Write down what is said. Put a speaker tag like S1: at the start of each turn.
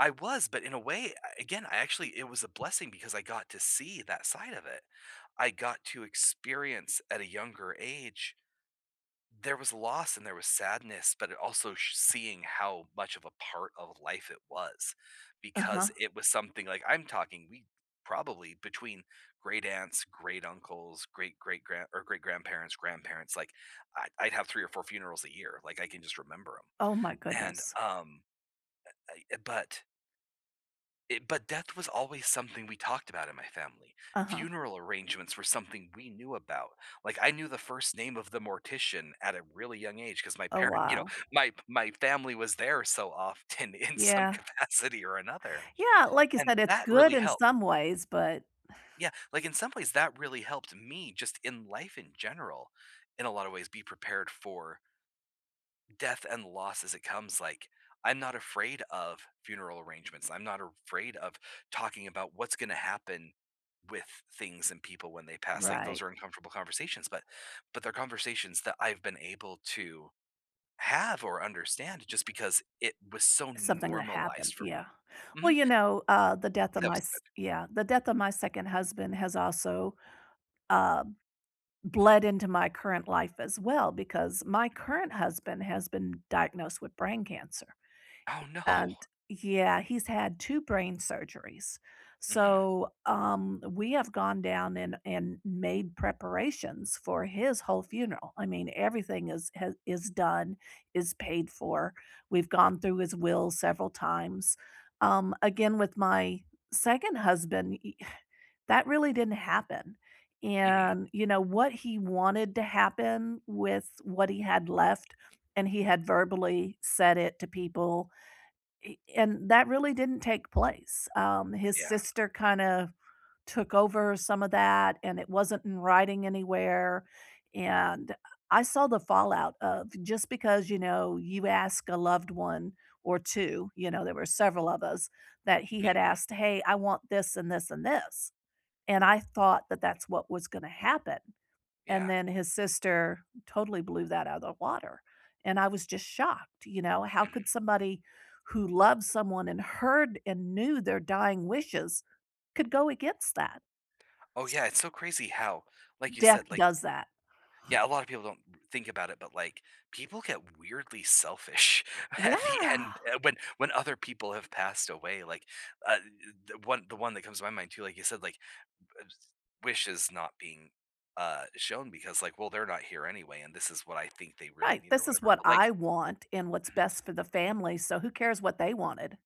S1: I was, but in a way, a again, I actually it was a blessing because I got to see that side of it, I got to experience at a younger age there was loss and there was sadness, but it also sh seeing how much of a part of life it was
S2: Uh-huh.
S1: because it was something, like, I'm talking, we probably, between great-aunts, great-uncles, great-great-grand or great-grandparents, grandparents, like, I I'd have 3 or 4 funerals a year. Like, I can just remember ‘em.
S2: Oh my
S1: And,
S2: goodness.
S1: um, I I eh, but eh, but death was always something we talked about in my family,
S2: Uh-huh.
S1: funeral arrangements were something we knew about, like, I knew the first name of the mortician at a really young age 'cause my
S2: Oh,
S1: parent you know,
S2: wow.
S1: my my family was there so often in some
S2: Yeah.
S1: capacity or another.
S2: Yeah, like I said,
S1: And
S2: it's
S1: that
S2: good
S1: really
S2: in
S1: helped.
S2: some ways, but
S1: Yeah, like, in some ways, that really helped me just in life in general, in a lot of ways, be prepared for death and loss as it comes, like, I'm not afraid of funeral arrangements, I'm not a r afraid of talking about what's gonna happen with things and people when they pass, like,
S2: Right.
S1: those are uncomfortable conversations, but but they're conversations that I've been able to, have or understand just because it was so
S2: Something that happened,
S1: normalized for
S2: yeah,
S1: me.
S2: well
S1: Mhm.
S2: you know, uh, the death
S1: Yeah,
S2: of
S1: that
S2: my
S1: was
S2: s
S1: good.
S2: yeah, the death of my 2nd husband has also uh, bled into my current life as well because my current husband has been diagnosed with brain cancer.
S1: Oh,
S2: And,
S1: no.
S2: yeah, he's had 2 brain surgeries,
S1: Mhm.
S2: so, um, we have gone down and and made preparations for his whole funeral, I mean, everything is h done, is paid for, we've gone through his will several times, um, again, with my 2nd husband y that really didn't happen,
S1: Mhm.
S2: and you know, what he wanted to happen with what he had left and he had verbally said it to people. Eh, and that really didn't take place, um, his
S1: Yeah.
S2: sister kinda took over some of that and it wasn't in writing anywhere, and I saw the fallout of just because, you know, you ask a loved one or 2, you know, there were several of us that he had
S1: Mhm.
S2: asked, "Hey, I want this and this and this." And I thought that that's what was gonna happen, and
S1: Yeah.
S2: then his sister totally blew that out of the water, and I was just shocked, you know, how could
S1: Mhm.
S2: somebody who loved someone and heard and knew their dying wishes could go against that?
S1: Oh,
S2: S
S1: yeah it's so crazy how, like you
S2: Death
S1: said, like
S2: does that.
S1: yeah, a lot of people don't think about it, but, like, people get weirdly selfish at the end,
S2: Yeah.
S1: uh, when when other people have passed away like, uh, th the one the one that comes to my mind too, like you said, like [unintelligible] wishes not being, uh, shown because, like, well, they're not here anyway, and this is what I think they really
S2: Right,
S1: need or
S2: "This is
S1: whatever.
S2: what
S1: But,
S2: I
S1: like
S2: want and what's
S1: Mhm.
S2: best for the family so, who cares what they wanted?"